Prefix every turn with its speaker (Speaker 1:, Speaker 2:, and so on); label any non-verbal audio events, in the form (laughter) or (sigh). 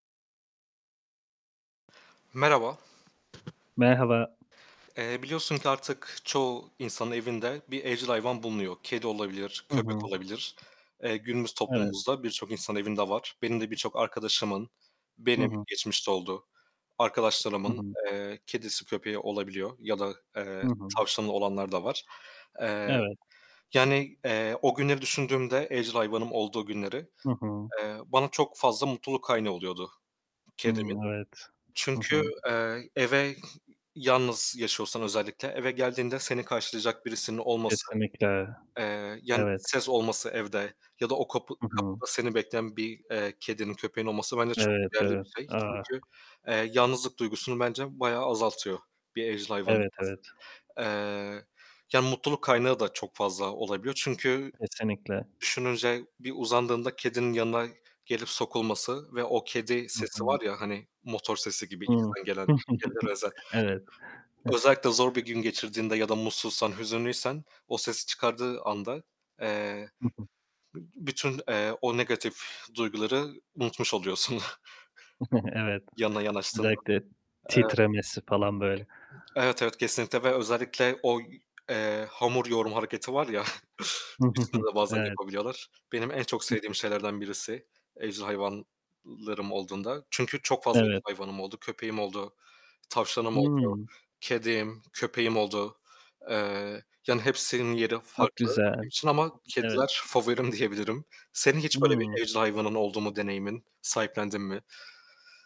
Speaker 1: Merhaba.
Speaker 2: Merhaba.
Speaker 1: Eee, biliyorsun ki artık çoğu insanın evinde bir evcil hayvan bulunuyor. Kedi olabilir,
Speaker 2: Hı
Speaker 1: köpek
Speaker 2: hı.
Speaker 1: olabilir. Eee, günümüz
Speaker 2: Evet.
Speaker 1: toplumumuzda birçok insan evinde var. Benim de birçok arkadaşımın
Speaker 2: Hı
Speaker 1: Benim
Speaker 2: hı.
Speaker 1: geçmişte oldu,
Speaker 2: Hı
Speaker 1: arkadaşlarımın,
Speaker 2: hı.
Speaker 1: eee, kedisi, köpeği olabiliyor ya da,
Speaker 2: Hı
Speaker 1: eee,
Speaker 2: hı.
Speaker 1: tavşanı olanlar da var. Eee,
Speaker 2: Evet.
Speaker 1: yani, eee, o günleri düşündüğümde evcil hayvanım olduğu günleri,
Speaker 2: Hı hı.
Speaker 1: eee, bana çok fazla mutluluk kaynağı oluyordu kedimin.
Speaker 2: Hımm, evet. Hı hı.
Speaker 1: Çünkü, eee, eve Yalnız yaşıyorsan özellikle, eve geldiğinde seni karşılayacak birisinin olması,
Speaker 2: Kesinlikle,
Speaker 1: eee, yani
Speaker 2: evet.
Speaker 1: ses olması evde ya da o kapı
Speaker 2: Hı hı.
Speaker 1: kapıda seni bekleyen bir, eee, kedinin, köpeğin olması bence çok
Speaker 2: Evet,
Speaker 1: değerli
Speaker 2: evet.
Speaker 1: bir şey
Speaker 2: Ah!
Speaker 1: çünkü, eee, yalnızlık duygusunu bence bayağı azaltıyor bir evcil hayvanın
Speaker 2: Evet, evet.
Speaker 1: olması. Eee, yani mutluluk kaynağı da çok fazla olabiliyor çünkü
Speaker 2: Kesinlikle.
Speaker 1: düşününce bir uzandığında kedinin yanına gelip sokulması ve o kedi
Speaker 2: Hı
Speaker 1: sesi var
Speaker 2: hı.
Speaker 1: ya, hani, motor sesi gibi
Speaker 2: Hı.
Speaker 1: içten gelen, kedilere
Speaker 2: (chuckles)
Speaker 1: özel.
Speaker 2: Evet. Hı.
Speaker 1: Özellikle zor bir gün geçirdiğinde ya da mutsuzsan, hüzünlüysen o sesi çıkardığı anda, eee,
Speaker 2: Hı hı.
Speaker 1: b bütün, eee, o negatif duyguları unutmuş oluyorsun (giggles)
Speaker 2: (chuckles) Evet,
Speaker 1: yanına yanaştığında.
Speaker 2: özellikle
Speaker 1: Evet.
Speaker 2: titremesi falan böyle.
Speaker 1: Evet, evet, kesinlikle ve özellikle o y eee, hamur yoğurma hareketi var ya, (chuckles) üstünde
Speaker 2: (chuckles)
Speaker 1: de bazen
Speaker 2: Evet.
Speaker 1: yapabiliyorlar. Benim en çok
Speaker 2: Hıh.
Speaker 1: sevdiğim şeylerden birisi evcil hayvanlarım olduğunda çünkü çok fazla evcil
Speaker 2: Evet.
Speaker 1: hayvanım oldu, köpeğim oldu, tavşanım oldu,
Speaker 2: Hımm.
Speaker 1: kedim, köpeğim oldu. Eee, yani hepsinin yeri
Speaker 2: Çok
Speaker 1: farklı
Speaker 2: güzel,
Speaker 1: benim için ama
Speaker 2: evet.
Speaker 1: kediler favorim diyebilirim. Senin hiç böyle bir
Speaker 2: Hımm.
Speaker 1: evcil hayvanın oldu mu deneyimin? Sahiplendin mi?